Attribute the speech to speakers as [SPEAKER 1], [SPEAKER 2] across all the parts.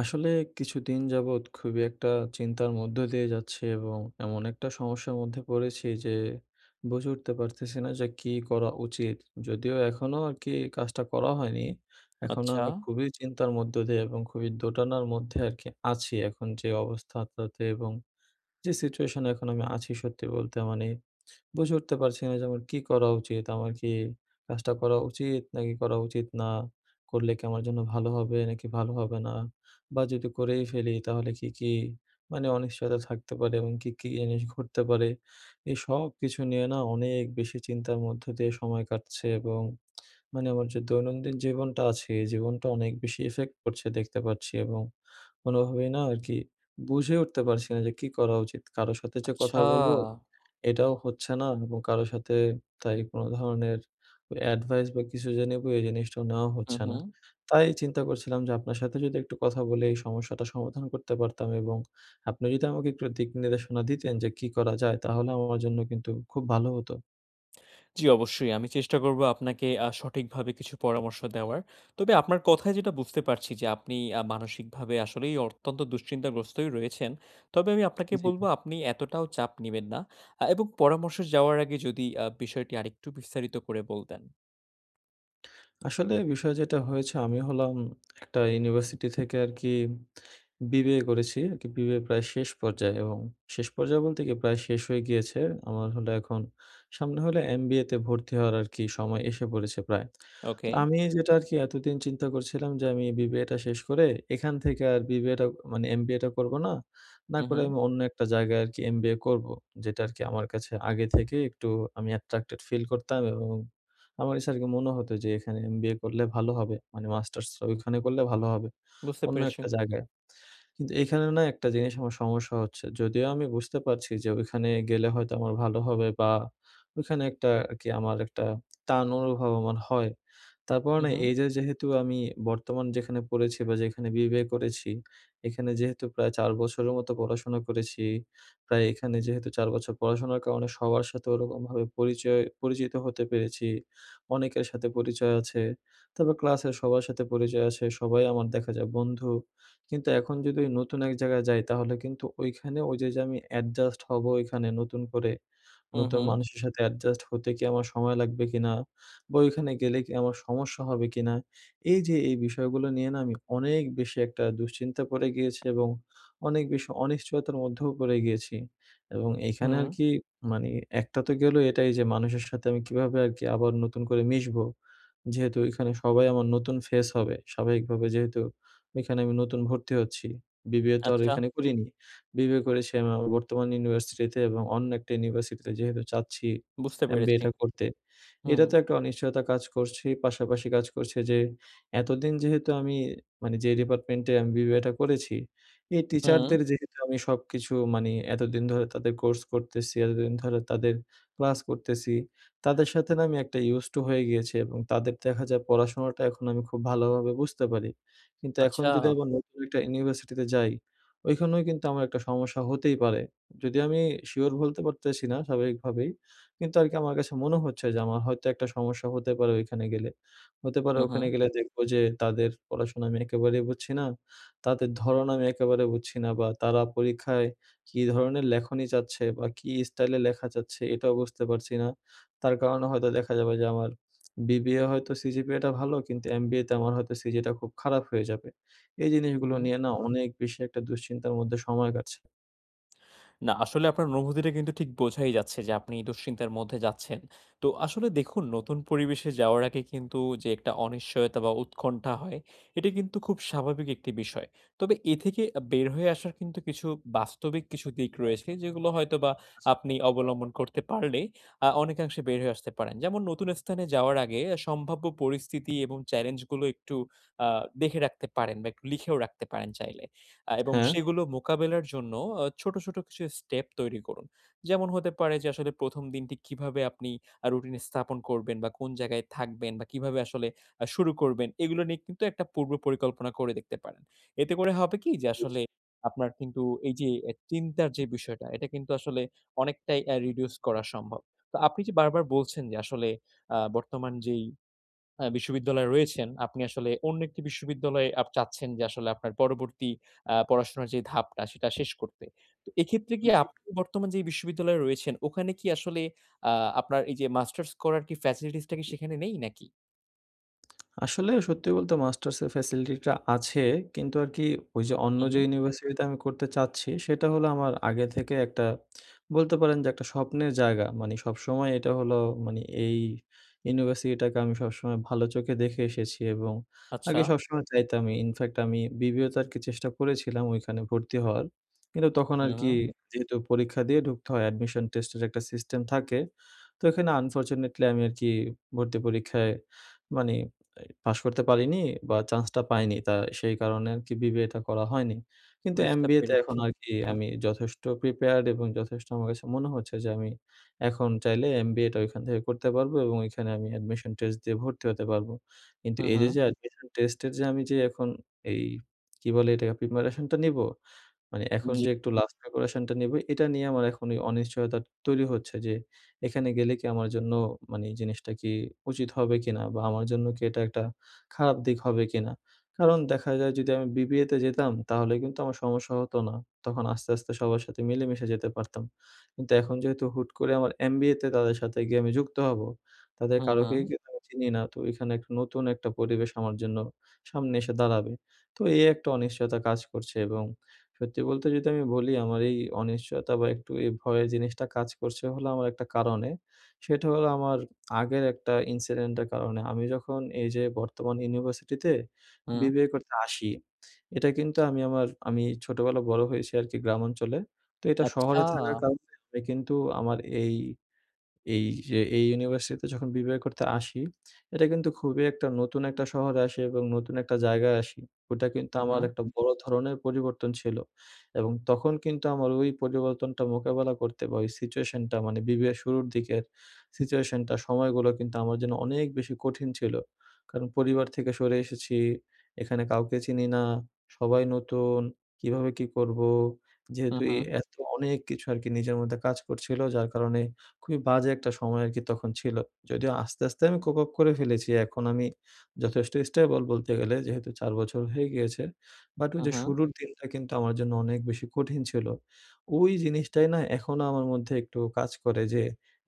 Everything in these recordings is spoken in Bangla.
[SPEAKER 1] আসলে কিছুদিন যাবৎ খুবই একটা চিন্তার মধ্য দিয়ে যাচ্ছি এবং এমন একটা সমস্যার মধ্যে পড়েছি যে, বুঝে উঠতে পারতেছি না যে, কী করা উচিত। যদিও এখনও আর কি কাজটা করা হয়নি এখনো আমি
[SPEAKER 2] আচ্ছা।
[SPEAKER 1] খুবই চিন্তার মধ্য দিয়ে এবং খুবই দোটানার মধ্যে আর কি আছি এখন যে অবস্থাটাতে এবং যে সিচুয়েশনে এখন আমি আছি সত্যি বলতে। মানে বুঝে উঠতে পারছি না যে আমার কী করা উচিত? আমার কি কাজটা করা উচিত নাকি করা উচিত না? করলে কি আমার জন্য ভালো হবে নাকি ভালো হবে না? বা যদি করেই ফেলি তাহলে কী, কী মানে অনিশ্চয়তা থাকতে পারে এবং কী, কী জিনিস ঘটতে পারে। এই সব কিছু নিয়ে না অনেক বেশি চিন্তার মধ্য দিয়ে সময় কাটছে এবং মানে আমার যে দৈনন্দিন জীবনটা আছে, এই জীবনটা অনেক বেশি ইফেক্ট করছে দেখতে পাচ্ছি এবং কোনোভাবেই না আরকি বুঝে উঠতে পারছি না যে কী করা উচিত। কারো সাথে যে কথা
[SPEAKER 2] আচ্ছা।
[SPEAKER 1] বলবো এটাও হচ্ছে না এবং কারো সাথে তাই কোনো ধরনের অ্যাডভাইস বা কিছু যে নেব এই জিনিসটাও নেওয়াও
[SPEAKER 2] হু,
[SPEAKER 1] হচ্ছে না।
[SPEAKER 2] হু।
[SPEAKER 1] তাই চিন্তা করছিলাম যে আপনার সাথে যদি একটু কথা বলি এই সমস্যাটা সমাধান করতে পারতাম এবং আপনি যদি আমাকে একটু দিক নির্দেশনা দিতেন যে কী করা যায় তাহলে আমার জন্য কিন্তু খুব ভালো হতো।
[SPEAKER 2] জি, অবশ্যই। আমি চেষ্টা করব আপনাকে আ সঠিকভাবে কিছু পরামর্শ দেওয়ার। তবে আপনার কথায় যেটা বুঝতে পারছি যে আপনি আ মানসিকভাবে আসলেই অত্যন্ত দুশ্চিন্তাগ্রস্তই রয়েছেন। তবে আমি আপনাকে
[SPEAKER 1] জি,
[SPEAKER 2] বলব,
[SPEAKER 1] জি।
[SPEAKER 2] আপনি এতটাও চাপ নিবেন না। আ এবং পরামর্শে যাওয়ার আগে যদি আ বিষয়টি আরেকটু বিস্তারিত করে বলতেন?
[SPEAKER 1] আসলে বিষয় যেটা হয়েছে, আমি হলাম একটা ইউনিভার্সিটি থেকে আরকি BBA করেছি আরকি, BBA প্রায় শেষ পর্যায়ে। এবং শেষ পর্যায়ে বলতে কি? প্রায় শেষ হয়ে গিয়েছে। আমার হলো এখন সামনে হলো MBA তে ভর্তি হওয়ার আরকি সময় এসে পড়েছে প্রায়। তো
[SPEAKER 2] ওকে।
[SPEAKER 1] আমি যেটা আরকি এতদিন চিন্তা করছিলাম যে আমি BBA টা শেষ করে এখান থেকে আর BBA টা মানে MBA টা করব না। না
[SPEAKER 2] হুম,
[SPEAKER 1] করে
[SPEAKER 2] হুম।
[SPEAKER 1] আমি অন্য একটা জায়গায় আরকি MBA করব, যেটা আরকি আমার কাছে আগে থেকে একটু আমি attracted feel করতাম। এবং আমার কাছে আরকি মনে হতো যে এখানে MBA করলে ভালো হবে। মানে মাস্টার্স ওইখানে করলে ভালো হবে,
[SPEAKER 2] বুঝতে
[SPEAKER 1] অন্য
[SPEAKER 2] পেরেছি।
[SPEAKER 1] একটা জায়গায়। কিন্তু এখানে না একটা জিনিস আমার সমস্যা হচ্ছে। যদিও আমি বুঝতে পারছি যে ওইখানে গেলে হয়তো আমার ভালো হবে বা ওখানে একটা আরকি আমার একটা টান অনুভব আমার হয়। তারপরও
[SPEAKER 2] হুম,
[SPEAKER 1] না,
[SPEAKER 2] হুম।
[SPEAKER 1] এইযে যেহেতু আমি বর্তমান যেখানে পড়েছি, বা যেইখানে BBA করেছি, এখানে যেহেতু প্রায় ৪ বছরের মতো পড়াশোনা করেছি। তাই এখানে যেহেতু ৪ বছর পড়াশোনার কারণে সবার সাথে ওরকমভাবে পরিচয় পরিচিত হতে পেরেছি, অনেকের সাথে পরিচয় আছে। তবে ক্লাসের সবার সাথে পরিচয় আছে, সবাই আমার দেখা যায় বন্ধু। কিন্তু এখন যদি ওই নতুন এক জায়গা যাই, তাহলে কিন্তু ওইখানে ওই যে, যে আমি অ্যাডজাস্ট হব ওইখানে নতুন করে,
[SPEAKER 2] হুম,
[SPEAKER 1] নতুন
[SPEAKER 2] হুম।
[SPEAKER 1] মানুষের সাথে অ্যাডজাস্ট হতে কি আমার সময় লাগবে কিনা? বা ওইখানে গেলে কি আমার সমস্যা হবে কিনা? এই যে এই বিষয়গুলো নিয়ে না, আমি অনেক বেশি একটা দুশ্চিন্তা পড়ে গিয়েছি এবং অনেক বেশি অনিশ্চয়তার মধ্যেও পড়ে গিয়েছি। এবং এখানে
[SPEAKER 2] হুম।
[SPEAKER 1] আরকি মানে একটা তো গেল এটাই যে মানুষের সাথে আমি কীভাবে আরকি আবার নতুন করে মিশবো? যেহেতু ওইখানে সবাই আমার নতুন ফেস হবে। স্বাভাবিকভাবে যেহেতু ওইখানে আমি নতুন ভর্তি হচ্ছি, BBA তো আর
[SPEAKER 2] আচ্ছা।
[SPEAKER 1] ওইখানে করিনি। BBA করেছি আমি আমার বর্তমান ইউনিভার্সিটিতে। এবং অন্য একটা ইউনিভার্সিটিতে যেহেতু চাচ্ছি
[SPEAKER 2] বুঝতে
[SPEAKER 1] MBA
[SPEAKER 2] পেরেছি।
[SPEAKER 1] টা করতে,
[SPEAKER 2] হু,
[SPEAKER 1] এটা
[SPEAKER 2] হু।
[SPEAKER 1] তো একটা অনিশ্চয়তা কাজ করছেই। পাশাপাশি কাজ করছে যে এতদিন যেহেতু আমি মানে যেই ডিপার্টমেন্টে আমি BBA টা করেছি, এই
[SPEAKER 2] হুম।
[SPEAKER 1] টিচারদের যেহেতু আমি সবকিছু মানে এতদিন ধরে তাদের কোর্স করতেছি, এতদিন ধরে তাদের ক্লাস করতেছি, তাদের সাথে না আমি একটা used to হয়ে গিয়েছি। এবং তাদের দেখা যায় পড়াশোনাটা এখন আমি খুব ভালোভাবে বুঝতে পারি। কিন্তু এখন যদি
[SPEAKER 2] আচ্ছা।
[SPEAKER 1] আবার নতুন একটা ইউনিভার্সিটিতে যাই, ওইখানেও কিন্তু আমার একটা সমস্যা হতেই পারে। যদি আমি শিওর বলতে পারতেছি না, স্বাভাবিকভাবেই। কিন্তু আরকি আমার কাছে মনে হচ্ছে যে আমার হয়তো একটা সমস্যা হতে পারে ওইখানে গেলে। হতে পারে
[SPEAKER 2] হুম, হুম।
[SPEAKER 1] ওখানে গেলে দেখবো যে তাদের পড়াশোনা আমি একেবারেই বুঝছি না, তাদের ধরণ আমি একেবারে বুঝছি না, বা তারা পরীক্ষায় কী ধরনের লেখনি চাচ্ছে বা কী স্টাইলে লেখা যাচ্ছে, এটাও বুঝতে পারছি না। তার কারণে হয়তো দেখা যাবে যে আমার BBA হয়তো CGPA টা ভালো, কিন্তু MBA তে আমার হয়তো CGA টা খুব খারাপ হয়ে যাবে। এই
[SPEAKER 2] হুম,
[SPEAKER 1] জিনিসগুলো
[SPEAKER 2] হুম।
[SPEAKER 1] নিয়ে না, অনেক বেশি একটা দুশ্চিন্তার মধ্যে সময় কাটছে।
[SPEAKER 2] না আসলে আপনার অনুভূতিটা কিন্তু ঠিক বোঝাই যাচ্ছে যে আপনি এই দুশ্চিন্তার মধ্যে যাচ্ছেন। তো আসলে দেখুন, নতুন পরিবেশে যাওয়ার আগে কিন্তু যে একটা অনিশ্চয়তা বা উৎকণ্ঠা হয়, এটি কিন্তু খুব স্বাভাবিক একটি বিষয়। তবে এ থেকে আ বের হয়ে আসার কিন্তু কিছু বাস্তবিক কিছু দিক রয়েছে। যেগুলো হয়তোবা
[SPEAKER 1] আচ্ছা।
[SPEAKER 2] আপনি অবলম্বন করতে পারলে আ অনেকাংশে বের হয়ে আসতে পারেন। যেমন নতুন স্থানে যাওয়ার আগে আ সম্ভাব্য পরিস্থিতি এবং চেলেঞ্জ গুলো একটু আ দেখে রাখতে পারেন বা একটু লিখেও রাখতে পারেন চাইলে। আ এবং
[SPEAKER 1] হ্যাঁ।
[SPEAKER 2] সেগুলো মোকাবেলার জন্য আ ছোট, ছোট কিছু স্টেপ তৈরি করুন। যেমন হতে পারে যে আসলে ১ম দিনটি কিভাবে আপনি আ রুটিন স্থাপন করবেন বা কোন জায়গায় থাকবেন বা কিভাবে আসলে আ শুরু করবেন এগুলা নিয়ে কিন্তু একটা পূর্ব পরিকল্পনা করে দেখতে পারেন। এতে করে হবে কি?
[SPEAKER 1] বুঝতে
[SPEAKER 2] যে
[SPEAKER 1] পেরেছি।
[SPEAKER 2] আসলে আপনার কিন্তু এই যে অ্যা চিন্তার যে বিষয়টা, এটা কিন্তু আসলে অনেকটাই অ্যা reduce করা সম্ভব। তো আপনি যে বারবার বলছেন যে আসলে আ বর্তমান যেই অ্যা বিশ্ববিদ্যালয়ে রয়েছেন, আপনি আসলে অন্য একটি বিশ্ববিদ্যালয়ে আপ চাচ্ছেন যে আসলে আপনার পরবর্তী আ পড়াশোনার যেই ধাপটা সেটা শেষ করতে। তো এক্ষেত্রে কি
[SPEAKER 1] জ্বী।
[SPEAKER 2] আপনি বর্তমান যেই বিশ্ববিদ্যালয়ে রয়েছেন, ওখানে কি আসলে আ আপনার এই যে মাস্টার্স করার কি facilities টা কি সেখানে নেই নাকি?
[SPEAKER 1] আসলে সত্যি বলতে মাস্টার্সের ফ্যাসিলিটিটা আছে। কিন্তু আর কি ওই যে অন্য
[SPEAKER 2] হু,
[SPEAKER 1] যে
[SPEAKER 2] হু।
[SPEAKER 1] ইউনিভার্সিটিতে আমি করতে চাচ্ছি সেটা হল আমার আগে থেকে একটা বলতে পারেন যে একটা স্বপ্নের জায়গা মানে সবসময় এটা হল মানে এই ইউনিভার্সিটিটাকে আমি সবসময় ভালো চোখে দেখে এসেছি এবং আগে
[SPEAKER 2] আচ্ছা।
[SPEAKER 1] সবসময় চাইতামই ইনফ্যাক্ট আমি বিবিএ তে আর কি চেষ্টা করেছিলাম ওইখানে ভর্তি হওয়ার কিন্তু তখন
[SPEAKER 2] হু,
[SPEAKER 1] আর কি
[SPEAKER 2] হু।
[SPEAKER 1] যেহেতু পরীক্ষা দিয়ে ঢুকতে হয় অ্যাডমিশন টেস্টের একটা সিস্টেম থাকে তো এখানে আনফরচুনেটলি আমি আর কি ভর্তি পরীক্ষায় মানে পাশ করতে পারিনি বা চান্সটা পাইনি তা সেই কারণে আরকি বিবিএটা করা হয়নি। কিন্তু
[SPEAKER 2] বুঝতে
[SPEAKER 1] এমবিএতে এখন
[SPEAKER 2] পেরেছি।
[SPEAKER 1] আর কি আমি যথেষ্ট প্রিপেয়ার্ড এবং যথেষ্ট আমার কাছে মনে হচ্ছে যে আমি এখন চাইলে এমবিএটা ওইখান থেকে করতে পারবো এবং ওইখানে আমি অ্যাডমিশন টেস্ট দিয়ে ভর্তি হতে পারব। কিন্তু
[SPEAKER 2] হু,
[SPEAKER 1] এই যে
[SPEAKER 2] হু।
[SPEAKER 1] যে অ্যাডমিশন টেস্টের যে আমি যে এখন এই কি বলে এটা প্রিপারেশনটা নিবো মানে এখন
[SPEAKER 2] জ্বী।
[SPEAKER 1] যে একটু লাস্ট ডেকোরেশন টা নেবো এটা নিয়ে আমার এখন অনিশ্চয়তাটা তৈরি হচ্ছে। যে এখানে গেলে কি আমার জন্য মানে জিনিসটা কি উচিত হবে কিনা, বা আমার জন্য কি এটা একটা খারাপ দিক হবে কিনা। কারণ দেখা যায় যদি আমি বিবিএতে যেতাম তাহলে কিন্তু আমার সমস্যা হত না। তখন আস্তে, আস্তে সবার সাথে মিলেমিশে যেতে পারতাম। কিন্তু এখন যেহেতু হুট করে আমার এমবিএতে তাদের সাথে গিয়ে আমি যুক্ত হব, তাদের
[SPEAKER 2] হু,
[SPEAKER 1] কারকেই
[SPEAKER 2] হু।
[SPEAKER 1] কিন্তু আমি চিনি না তো এখানে একটা নতুন একটা পরিবেশ আমার জন্য সামনে এসে দাঁড়াবে তো এই একটা অনিশ্চয়তা কাজ করছে এবং সত্যি বলতে যদি আমি বলি আমার এই অনিশ্চয়তা বা একটু এই ভয়ের জিনিসটা কাজ করছে হল আমার একটা কারণে সেটা হল আমার আগের একটা ইনসিডেন্টের কারণে। আমি যখন এই যে বর্তমান ইউনিভার্সিটিতে
[SPEAKER 2] হু।
[SPEAKER 1] বিবিএ করতে আসি এটা কিন্তু আমি আমার আমি ছোটবেলায় বড় হয়েছি আর কি গ্রামাঞ্চলে তো এটা
[SPEAKER 2] আচ্ছা।
[SPEAKER 1] শহরে থাকার কারণে আমি কিন্তু আমার এই এই যে এই ইউনিভার্সিটিতে যখন বিবিএ করতে আসি এটা কিন্তু খুবই একটা নতুন একটা শহরে আসি এবং নতুন একটা জায়গায় আসি। ওটা কিন্তু
[SPEAKER 2] হু,
[SPEAKER 1] আমার
[SPEAKER 2] হু।
[SPEAKER 1] একটা বড় ধরনের পরিবর্তন ছিল এবং তখন কিন্তু আমার ওই পরিবর্তনটা মোকাবিলা করতে বা ওই সিচুয়েশনটা মানে বিবিএর শুরুর দিকের সিচুয়েশনটা সময়গুলো কিন্তু আমার জন্য অনেক বেশি কঠিন ছিল। কারণ পরিবার থেকে সরে এসেছি। এখানে কাউকে চিনি না। সবাই নতুন। কীভাবে কি করবো?
[SPEAKER 2] হু,
[SPEAKER 1] যেহেতু এই
[SPEAKER 2] হু।
[SPEAKER 1] এত অনেক কিছু আরকি নিজের মধ্যে কাজ করছিলো যার কারণে খুবই বাজে একটা সময় আরকি তখন ছিল। যদিও আস্তে, আস্তে আমি কোপআপ করে ফেলেছি এখন আমি যথেষ্ট স্টেবল বলতে গেলে। যেহেতু ৪ বছর হয়ে গিয়েছে। বাট ওই
[SPEAKER 2] উ
[SPEAKER 1] যে
[SPEAKER 2] হু।
[SPEAKER 1] শুরুর দিনটা কিন্তু আমার জন্য অনেক বেশি কঠিন ছিল। ওই জিনিসটাই না এখনো আমার মধ্যে একটু কাজ করে যে,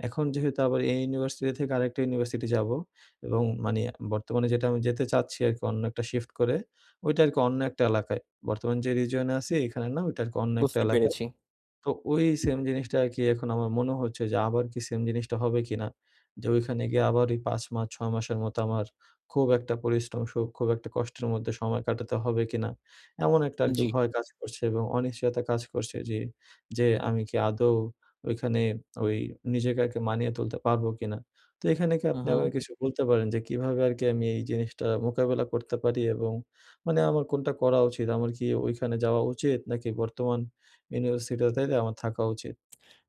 [SPEAKER 1] এখন যেহেতু আবার এই ইউনিভার্সিটি থেকে আরেকটা ইউনিভার্সিটি যাবো, এবং মানে বর্তমানে যেটা আমি যেতে চাচ্ছি আরকি অন্য একটা শিফট করে ওইটা আরকি অন্য একটা এলাকায়। বর্তমানে যে রিজিয়নে আছি এখানে না ওইটা আর কি অন্য একটা
[SPEAKER 2] বুঝতে
[SPEAKER 1] এলাকায়।
[SPEAKER 2] পেরেছি।
[SPEAKER 1] তো ওই সেম জিনিসটা আর কি এখন আমার মনে হচ্ছে যে আবার কি সেম জিনিসটা হবে কিনা। যে ঐখানে গিয়ে আবার ওই ৫ মাস ৬ মাসের মতো আমার খুব একটা পরিশ্রম সুখ খুব একটা কষ্টের মধ্যে সময় কাটাতে হবে কিনা। এমন একটা আরকি
[SPEAKER 2] জ্বি।
[SPEAKER 1] ভয় কাজ করছে এবং অনিশ্চয়তা কাজ করছে যে, যে আমি আমি কি আদৌ ওইখানে ওই নিজেকে মানিয়ে তুলতে পারবো কিনা। তো এখানে কি
[SPEAKER 2] হু,
[SPEAKER 1] আপনি আমাকে
[SPEAKER 2] হু।
[SPEAKER 1] কিছু বলতে পারেন, যে কিভাবে আরকি আমি এই জিনিসটা মোকাবেলা করতে পারি? এবং মানে আমার কোনটা করা উচিত? আমার কি ঐখানে যাওয়া উচিত? নাকি বর্তমান ইউনিভার্সিটি টাতে আমার থাকা উচিত?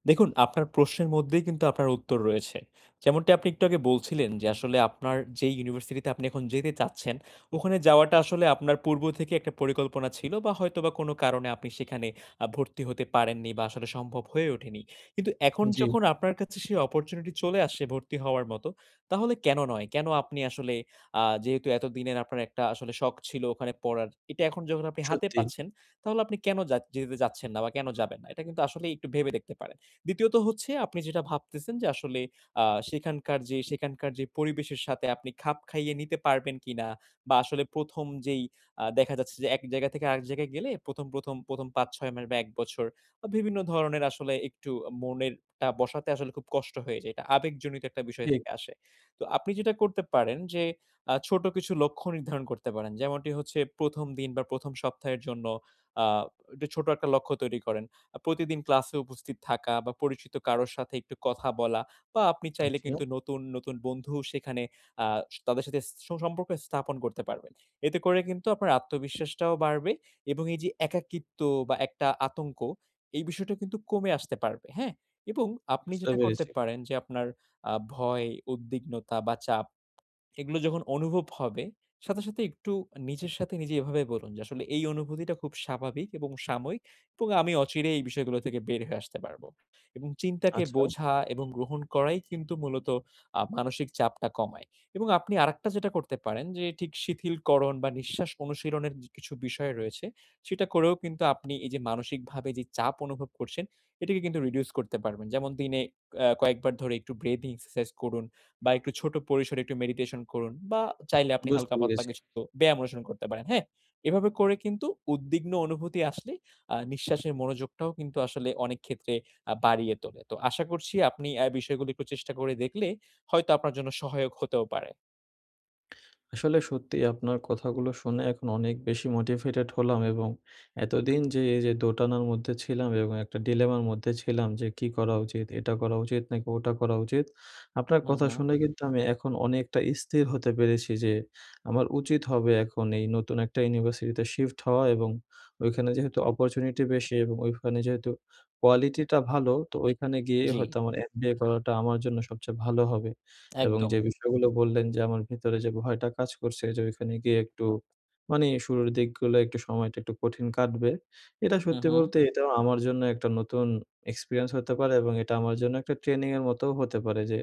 [SPEAKER 2] দেখুন আপনার প্রশ্নের মধ্যেই কিন্তু আপনার উত্তর রয়েছে। যেমনটা আপনি একটু আগে বলছিলেন যে, আসলে আপনার যেই ইউনিভার্সিটি তে আপনি এখন যেতে চাচ্ছেন ওখানে যাওয়াটা আসলে আপনার পূর্ব থেকে একটা পরিকল্পনা ছিল, বা হয়তোবা কোন কারণে আপনি সেখানে আ ভর্তি হতে পারেননি বা আসলে সম্ভব হয়ে ওঠেনি। কিন্তু এখন
[SPEAKER 1] জ্বী।
[SPEAKER 2] যখন আপনার কাছে সেই অপরচুনিটি চলে আসছে ভর্তি হওয়ার মতো, তাহলে কেন নয়? কেন আপনি আসলে আ যেহেতু এতদিনের আপনার একটা আসলে শখ ছিল ওখানে পড়ার, এটা এখন যখন আপনি হাতে
[SPEAKER 1] সত্যি।
[SPEAKER 2] পাচ্ছেন তাহলে আপনি কেন জাচ যেতে যাচ্ছেন না বা কেন যাবেন না? এটা কিন্তু আসলে একটু ভেবে দেখতে পারেন। ২য় ত হচ্ছে, আপনি যেটা ভাবতেছেন যে আসলে আ সেখানকার যে সেখানকার যে পরিবেশের সাথে আপনি খাপ খাইয়ে নিতে পারবেন কিনা বা আসলে ১ম যেই আ দেখা যাচ্ছে যে এক জায়গা থেকে আরেক জায়গায় গেলে প্রথম, প্রথম, ১ম ৫ ৬ মাস বা ১ বছর বা বিভিন্ন ধরণের আসলে একটু মনেরটা বসাতে আসলে খুব কষ্ট হয়ে যায়। এটা আবেগজনিত একটা বিষয়
[SPEAKER 1] ঠিক।
[SPEAKER 2] থেকে আসে। তো আপনি যেটা করতে পারেন যে, আ ছোট কিছু লক্ষ্য নির্ধারণ করতে পারেন। যেমনটি হচ্ছে ১ম দিন বা ১ম সপ্তাহের জন্য আ ছোট একটা লক্ষ্য তৈরি করেন। আ প্রতিদিন ক্লাসে উপস্থিত থাকা বা পরিচিত কারো সাথে একটু কথা বলা বা আপনি চাইলে
[SPEAKER 1] আচ্ছা।
[SPEAKER 2] কিন্তু নতুন, নতুন বন্ধু সেখানে আ তাদের সাথে সুসম্পর্ক স্থাপন করতে পারবেন। এতে করে কিন্তু আপনার আত্মবিশ্বাসটাও বাড়বে এবং এই যে একাকিত্ব বা একটা আতঙ্ক এই বিষয়টা কিন্তু কমে আসতে পারবে। হ্যাঁ? এবং আপনি
[SPEAKER 1] বুঝতে
[SPEAKER 2] যেটা করতে
[SPEAKER 1] পেরেছি।
[SPEAKER 2] পারেন যে আপনার আ ভয়, উদ্বিগ্নতা বা চাপ এগুলো যখন অনুভব হবে, সাথে, সাথে একটু নিজের সাথে নিজে এভাবে বলুন যে, আসলে এই অনুভূতিটা খুব স্বাভাবিক এবং সাময়িক এবং আমি অচিরে এই বিষয়গুলো থেকে বের হয়ে আসতে পারবো। এবং চিন্তাকে
[SPEAKER 1] আচ্ছা।
[SPEAKER 2] বোঝা এবং গ্রহণ করাই কিন্তু মূলত আপ মানসিক চাপটা কমায়। এবং আপনি আরেকটা যেটা করতে পারেন যে, ঠিক শিথিলকরণ বা নিঃশ্বাস অনুশীলনের কিছু বিষয় রয়েছে, সেটা করেও কিন্তু আপনি এই যে মানসিকভাবে চাপ অনুভব করছেন, এটিকে কিন্তু রিডিউস করতে পারবেন। যেমন দিনে এ কয়েকবার ধরে একটু ব্রেথিং এক্সারসাইজ করুন বা একটু ছোট পরিসরে একটু মেডিটেশন করুন বা চাইলে আপনি
[SPEAKER 1] বুঝতে
[SPEAKER 2] হালকা পাতলা
[SPEAKER 1] পেরেছি।
[SPEAKER 2] কিছু ব্যায়াম অনুসরণ করতে পারেন। হ্যাঁ? এভাবে করে কিন্তু উদ্বিগ্ন অনুভূতি আসলে আ নিঃশ্বাসের মনোযোগটাও কিন্তু আসলে অনেক ক্ষেত্রে আ বাড়িয়ে তোলে। তো আশা করছি আপনি এই বিষয়গুলো এ একটু চেষ্টা করে দেখলে হয়তো আপনার জন্য সহায়ক হতেও পারে।
[SPEAKER 1] আসলে সত্যিই আপনার কথাগুলো শুনে এখন অনেক বেশি মোটিভেটেড হলাম এবং এতদিন যে এই যে দোটানার মধ্যে ছিলাম এবং একটা ডিলেমার মধ্যে ছিলাম যে কী করা উচিত? এটা করা উচিত নাকি ওটা করা উচিত? আপনার
[SPEAKER 2] হুম,
[SPEAKER 1] কথা
[SPEAKER 2] হুঁ।
[SPEAKER 1] শুনে কিন্তু আমি এখন অনেকটা স্থির হতে পেরেছি যে, আমার উচিত হবে এখন এই নতুন একটা ইউনিভার্সিটিতে শিফট হওয়া, এবং ওইখানে যেহেতু অপরচুনিটি বেশি এবং ওইখানে যেহেতু কোয়ালিটিটা ভালো তো ওইখানে গিয়েই হয়তো
[SPEAKER 2] জ্বী।
[SPEAKER 1] আমার MBA করাটা আমার জন্য সবচেয়ে ভালো হবে। এবং যে
[SPEAKER 2] একদম।
[SPEAKER 1] বিষয়গুলো বললেন যে, আমার ভিতরে যে ভয়টা কাজ করছে যে ওইখানে গিয়ে একটু, মানে শুরুর দিকগুলো একটু সময়টা একটু কঠিন কাটবে। এটা
[SPEAKER 2] হুম,
[SPEAKER 1] সত্যি
[SPEAKER 2] হুঁ।
[SPEAKER 1] বলতে এটাও আমার জন্য একটা নতুন এক্সপেরিয়েন্স হতে পারে এবং এটা আমার জন্য একটা ট্রেনিংয়ের মতোও হতে পারে যে,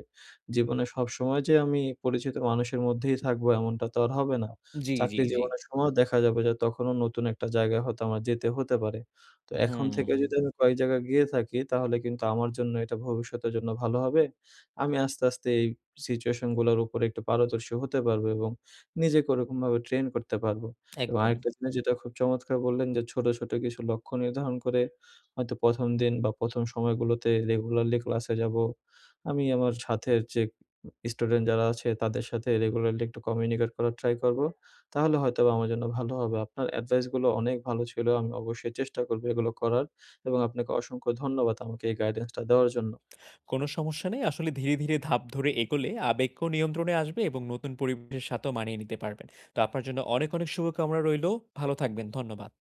[SPEAKER 1] জীবনে সবসময় যে আমি পরিচিত মানুষের মধ্যেই থাকবো এমনটা তো আর হবে না,
[SPEAKER 2] জ্বি,
[SPEAKER 1] চাকরি
[SPEAKER 2] জ্বি, জ্বি।
[SPEAKER 1] জীবনের সময়ও দেখা যাবে যে তখনও নতুন একটা জায়গায় হয়তো আমার যেতে হতে পারে। তো এখন থেকে যদি
[SPEAKER 2] হুম।
[SPEAKER 1] আমি কয়েক জায়গায় গিয়ে থাকি তাহলে কিন্তু আমার জন্য এটা ভবিষ্যতের জন্য ভালো হবে। আমি আস্তে, আস্তে এই সিচুয়েশনগুলোর উপরে একটু পারদর্শী হতে পারবো এবং নিজেকে ওরকমভাবে ট্রেন করতে পারবো এবং
[SPEAKER 2] একদম।
[SPEAKER 1] আরেকটা জিনিস যেটা খুব চমৎকার বললেন যে ছোটো, ছোটো কিছু লক্ষ্য নির্ধারণ করে হয়তো ১ম দিন বা ১ম সময়গুলোতে রেগুলারলি ক্লাসে যাবো। আমি আমার সাথের যে স্টুডেন্ট যারা আছে তাদের সাথে রেগুলারলি একটু কমিউনিকেট করার ট্রাই করবো, তাহলে হয়তোবা আমার জন্য ভালো হবে। আপনার অ্যাডভাইসগুলো অনেক ভালো ছিল। আমি অবশ্যই চেষ্টা করবো এগুলো করার এবং আপনাকে অসংখ্য ধন্যবাদ আমাকে এই গাইডেন্সটা দেওয়ার জন্য।
[SPEAKER 2] কোন সমস্যা নেই। আসলে ধীরে, ধীরে ধাপ ধরে এগোলে আবেগ কো নিয়ন্ত্রণে আসবে এবং নতুন পরিবেশের সাথেও মানিয়ে নিতে পারবেন। তো আপনার জন্য অনেক, অনেক শুভকামনা রইলেও। ভালো থাকবেন, ধন্যবাদ।